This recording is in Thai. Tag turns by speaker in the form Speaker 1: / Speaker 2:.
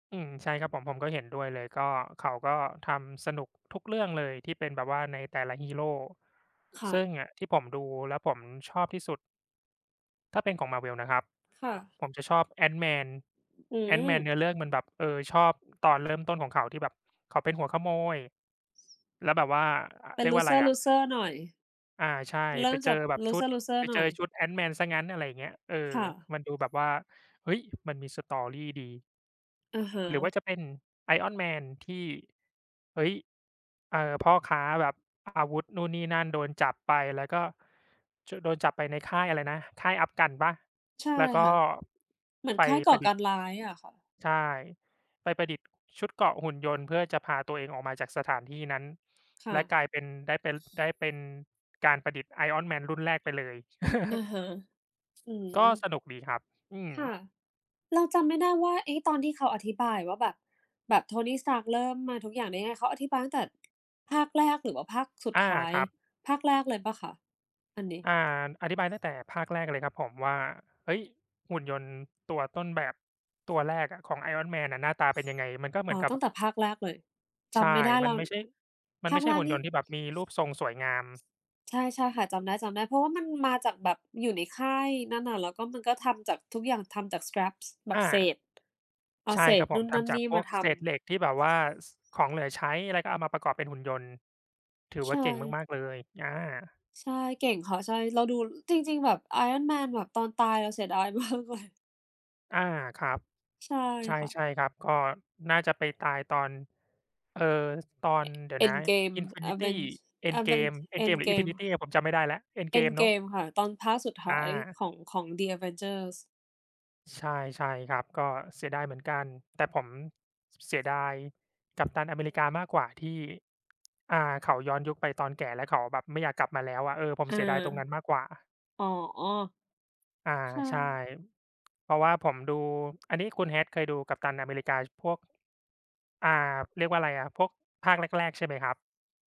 Speaker 1: อืม ใช่ครับผม ผมก็เห็นด้วยเลย ก็ เขาก็ทำสนุกทุกเรื่องเลยที่เป็นแบบว่าในแต่ละฮีโร
Speaker 2: ค่
Speaker 1: ซึ
Speaker 2: ะ
Speaker 1: ่งอะที่ผมดูแล้วผมชอบที่สุด ถ้าเป็นของ Marvel นะครับ
Speaker 2: ค่ะ
Speaker 1: ผมจะชอบ Ant-Man
Speaker 2: อื
Speaker 1: Ant-Man เน
Speaker 2: ม
Speaker 1: ื้อเรื่องมันแบบ เออ ชอบตอน เริ่มต้นของเขาที่แบบเขาเป็นหัวขโมย แล้วแบบว่า อ่า
Speaker 2: เป็
Speaker 1: เร
Speaker 2: น
Speaker 1: ียกว่าไร
Speaker 2: loser
Speaker 1: อะ
Speaker 2: loser หน่อย
Speaker 1: อา ใช่
Speaker 2: เริ
Speaker 1: ไ
Speaker 2: ่
Speaker 1: ป
Speaker 2: ม
Speaker 1: เ
Speaker 2: จ
Speaker 1: จอ
Speaker 2: าก
Speaker 1: แบบชุด
Speaker 2: loser loser
Speaker 1: ไป
Speaker 2: ห
Speaker 1: เ
Speaker 2: น
Speaker 1: จ
Speaker 2: ่
Speaker 1: อ
Speaker 2: อย
Speaker 1: ชุด Ant-Man ซะงั้น อะไรเงี้ย เออ
Speaker 2: ค่ะ
Speaker 1: มันดูแบบว่า เฮ้ย มันมี story ดี
Speaker 2: อะฮ
Speaker 1: หรือว่
Speaker 2: ะ
Speaker 1: าจะเป็น Iron Man ที่ เฮ้ย เอ่อ พ่อค้าแบบอาวุธนู่นนี่นั่น โดนจับไปแล้วก็ จ โดนจับไปในค่ายอะไรนะ ค่ายอัฟกันปะ?
Speaker 2: ใช่
Speaker 1: แล้วก็
Speaker 2: ค่ะ เหมือ
Speaker 1: ไ
Speaker 2: น
Speaker 1: ป
Speaker 2: ค่ายก
Speaker 1: ป
Speaker 2: ่อ
Speaker 1: ระด
Speaker 2: ก
Speaker 1: ิษฐ์
Speaker 2: ารร้ายอะค่ะ
Speaker 1: ใช่ ไปประดิษฐ์ชุดเกราะหุ่นยนต์เพื่อจะพาตัวเองออกมาจากสถานที่นั้น
Speaker 2: ค่
Speaker 1: และ
Speaker 2: ะ
Speaker 1: กลายเป็น ได้เป็น ได้เป็นการประดิษฐ์ Iron Man รุ่นแรกไปเลย
Speaker 2: อะฮะ อื
Speaker 1: ก
Speaker 2: ม
Speaker 1: ็สนุกดีครับ อืม
Speaker 2: ค่ะ เราจำไม่ได้ว่า เอ๊ะ ตอนที่เขาอธิบายว่าแบบ แบบ Tony Stark เริ่มมาทุกอย่างได้ไง เขาอธิบายตั้งแต่ ภาคแรก หรือว่าภาคสุด
Speaker 1: อา
Speaker 2: ท้าย
Speaker 1: ครับ
Speaker 2: ภาคแรกเลยเปล่าคะอันนี้?
Speaker 1: อ่า อธิบายตั้งแต่ภาคแรกเลยครับผมว่า เฮ้ย หุ่นยนต์ตัวต้นแบบตัวแรกอะของ Iron Man น่ะหน้าตาเป็นยังไง มันก็เห
Speaker 2: อ
Speaker 1: ม
Speaker 2: ๋
Speaker 1: ื
Speaker 2: อ
Speaker 1: อนกั
Speaker 2: ต
Speaker 1: บ
Speaker 2: ั้งแต่ภาคแรกเลย จ
Speaker 1: ใช่
Speaker 2: ำไม่ได้แ
Speaker 1: ม
Speaker 2: ล
Speaker 1: ั
Speaker 2: ้
Speaker 1: น
Speaker 2: ว
Speaker 1: ไม่ใช่ มั
Speaker 2: ภ
Speaker 1: นไ
Speaker 2: า
Speaker 1: ม่
Speaker 2: ค
Speaker 1: ใช
Speaker 2: แ
Speaker 1: ่
Speaker 2: ร
Speaker 1: ห
Speaker 2: ก
Speaker 1: ุ่น
Speaker 2: น
Speaker 1: ย
Speaker 2: ี่
Speaker 1: นต์ที่แบบมีรูปทรงสวยงาม
Speaker 2: ใช่ ๆ ค่ะ จำได้ ๆ เพราะว่ามันมาจากแบบอยู่ในค่ายนั่นน่ะ แล้วก็มันก็ทำจากทุกอย่างทำจาก scraps แบ
Speaker 1: อ
Speaker 2: บ
Speaker 1: า
Speaker 2: เศษ เอา
Speaker 1: ใช
Speaker 2: เ
Speaker 1: ่
Speaker 2: ศ
Speaker 1: ครั
Speaker 2: ษ
Speaker 1: บผ
Speaker 2: นู
Speaker 1: ม
Speaker 2: ่น
Speaker 1: ท
Speaker 2: นั่น
Speaker 1: ำจา
Speaker 2: น
Speaker 1: ก
Speaker 2: ี่
Speaker 1: พ
Speaker 2: ม
Speaker 1: ว
Speaker 2: า
Speaker 1: ก
Speaker 2: ท
Speaker 1: เ
Speaker 2: ำ
Speaker 1: ศษเหล็กที่แบบว่า ส ของเหลือใช้อะไรก็เอามาประกอบเป็นหุ่นยนต์ ถือ
Speaker 2: ใ
Speaker 1: ว
Speaker 2: ช
Speaker 1: ่าเก่ง
Speaker 2: ่
Speaker 1: มาก ๆ เลย อา
Speaker 2: ใช่ เก่งค่ะ ใช่ เราดู จริง ๆ แบบ Iron Man แบบตอนตายเราเสียดาย มากเลย
Speaker 1: อา ครับ
Speaker 2: ใช่
Speaker 1: ใช
Speaker 2: ค่ะ
Speaker 1: ่ ๆ ครับ ก็น่าจะไปตายตอน เอ่อ ตอน
Speaker 2: E
Speaker 1: เดี๋ยวนะ
Speaker 2: Endgame
Speaker 1: Infinity
Speaker 2: Aven Aven
Speaker 1: Endgame Endgame หรือ
Speaker 2: Endgame
Speaker 1: Infinity อะผมจำไม่ได้แล้ว Endgame เนาะ
Speaker 2: Endgame ค่ะ ตอนภาคสุดท
Speaker 1: อ
Speaker 2: ้าย
Speaker 1: า
Speaker 2: ของ ของ The Avengers
Speaker 1: ใช่ ใช่ครับ ก็เสียดายเหมือนกัน แต่ผมเสียดาย Captain America มากกว่าที่ อ่า เขาย้อนยุคไปตอนแก่ แล้วเขาแบบไม่อยากกลับมาแล้วอะ เออ ผม
Speaker 2: อา
Speaker 1: เสียดายตรงนั้นมากกว่า
Speaker 2: อ๋อ
Speaker 1: อา
Speaker 2: ใช
Speaker 1: ใช่
Speaker 2: ่
Speaker 1: เพราะว่าผมดู อันนี้คุณ hat เคยดู Captain America พวก อ่า เรียกว่าไรอะ พวกภาคแรก ๆ ใช่ไหมครับ?